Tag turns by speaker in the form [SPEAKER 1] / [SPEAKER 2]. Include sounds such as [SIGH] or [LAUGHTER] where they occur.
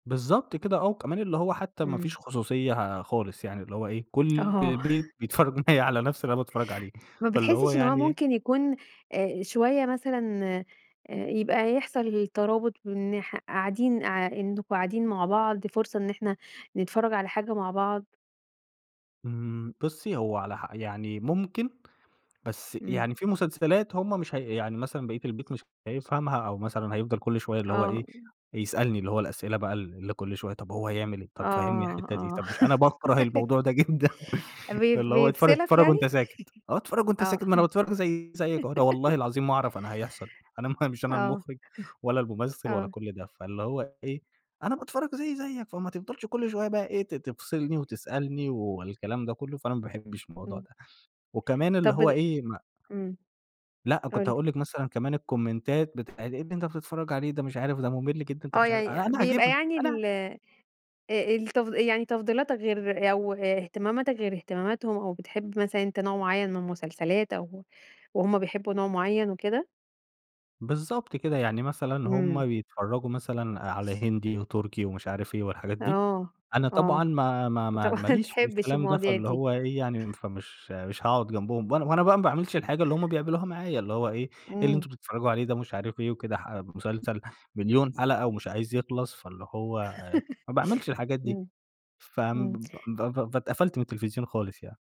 [SPEAKER 1] بالضبط كده آه، وكمان اللي هو حتى ما
[SPEAKER 2] إمم.
[SPEAKER 1] فيش خصوصية خالص يعني، اللي هو إيه كل
[SPEAKER 2] آه.
[SPEAKER 1] البيت
[SPEAKER 2] [CHUCKLES]
[SPEAKER 1] بيتفرج معايا على نفْس اللي أنا باتفرج عليه،
[SPEAKER 2] ما
[SPEAKER 1] فاللي هو
[SPEAKER 2] بتحسش إن هو
[SPEAKER 1] يعني
[SPEAKER 2] ممكن يكون آآ، شوية مثلًا آآ يبقى يحصل ترابط من ناح قاعدين آآ إنكم قاعدين مع بعض، فرصة إن إحنا نتفرج على حاجة مع بعض؟
[SPEAKER 1] إمم، بُصي هو على ح يعني ممكن، بس
[SPEAKER 2] إمم.
[SPEAKER 1] يعني في مسلسلات هُم مش هي يعني مثلًا بقية البيت مش هيفهمها، أو مثلًا هيِفضَل كل شوية اللي هو
[SPEAKER 2] آه.
[SPEAKER 1] إيه
[SPEAKER 2] امم.
[SPEAKER 1] يسألني اللي هو الأسئلة بَقى ال اللي كُل شوية طَب هو هيعمل إيه؟ طب فهمني
[SPEAKER 2] آه،
[SPEAKER 1] الحتة دي،
[SPEAKER 2] آه.
[SPEAKER 1] طَب مش أنا باكره
[SPEAKER 2] [LAUGHS]
[SPEAKER 1] الموضوع ده جدًا
[SPEAKER 2] بي
[SPEAKER 1] اللي هو اتفر
[SPEAKER 2] بيفصلك
[SPEAKER 1] اتفرج
[SPEAKER 2] يعني؟
[SPEAKER 1] وأنت ساكت آه، اتفرج
[SPEAKER 2] [LAUGHS]
[SPEAKER 1] وأنت
[SPEAKER 2] آه.
[SPEAKER 1] ساكت ما أنا باتفرج زَيِّ زَيك أهو أنا
[SPEAKER 2] [LAUGHS]
[SPEAKER 1] والله العظيم ما أعرف أنا هيحصل أنا مش أنا
[SPEAKER 2] آه.
[SPEAKER 1] المخرج ولا
[SPEAKER 2] [CHUCKLES]
[SPEAKER 1] الممثل ولا
[SPEAKER 2] آه.
[SPEAKER 1] كل ده، فاللي هو إيه أنا باتفرج زَيَّ زَيك فما تِفضَلش كل شوية بَقى إيه ت تفصلني وتسألني والكلام ده كله، فأنا ما باحبش الموضوع
[SPEAKER 2] إمم.
[SPEAKER 1] ده، وكمان اللي
[SPEAKER 2] طَب
[SPEAKER 1] هو
[SPEAKER 2] بت
[SPEAKER 1] إيه ما
[SPEAKER 2] إمم،
[SPEAKER 1] لأ
[SPEAKER 2] قُل
[SPEAKER 1] كنت
[SPEAKER 2] لي.
[SPEAKER 1] هاقول لِك مثلًا كمان الكومنتات بتاعة إيه اللي أنت بتتفرج عليه ده مش عارف ده ممل جدًا أنت
[SPEAKER 2] آه،
[SPEAKER 1] مش عار أ
[SPEAKER 2] يعني
[SPEAKER 1] أنا
[SPEAKER 2] بيبقى
[SPEAKER 1] عاجبني
[SPEAKER 2] يعني
[SPEAKER 1] أنا
[SPEAKER 2] ال آآ آآ، التف يعني تفضيلاتك غير أو إهتماماتك غير إهتماماتهم أو بتحب مثلًا أنت نوع معين من المسلسلات أو وهُم بيحبوا نوع معين وكده؟
[SPEAKER 1] بالضبط كده، يعني مثلًا
[SPEAKER 2] إمم.
[SPEAKER 1] هُم بيتفرجوا مثلًا على هندي، وتركي ومش عارف إيه والحاجات دي،
[SPEAKER 2] آه،
[SPEAKER 1] أنا طبعًا
[SPEAKER 2] آه،
[SPEAKER 1] ما ما
[SPEAKER 2] أنت
[SPEAKER 1] ما ما
[SPEAKER 2] [CHUCKLES] ما
[SPEAKER 1] ليش في
[SPEAKER 2] تحبش
[SPEAKER 1] الكلام ده
[SPEAKER 2] المواضيع
[SPEAKER 1] فاللي
[SPEAKER 2] دي.
[SPEAKER 1] هو إيه يعني
[SPEAKER 2] [CHUCKLES]
[SPEAKER 1] فمش مش هاقعد جنبهم، وأنا وأنا بَقى ما باعملش الحاجة اللي هُم بيعملوها معايا اللي هو إيه، إيه اللي
[SPEAKER 2] إمم.
[SPEAKER 1] أنتم بتفرجوا عليه ده؟ ومش عارف إيه وكده ح مسلسل مليون حلقة ومش عايز يخلص، فاللي هو ما باعملش
[SPEAKER 2] [LAUGHS]
[SPEAKER 1] الحاجات دي،
[SPEAKER 2] إمم،
[SPEAKER 1] ف
[SPEAKER 2] إمم.
[SPEAKER 1] ب ب فاتقفلت من التلفزيون خالص يعني.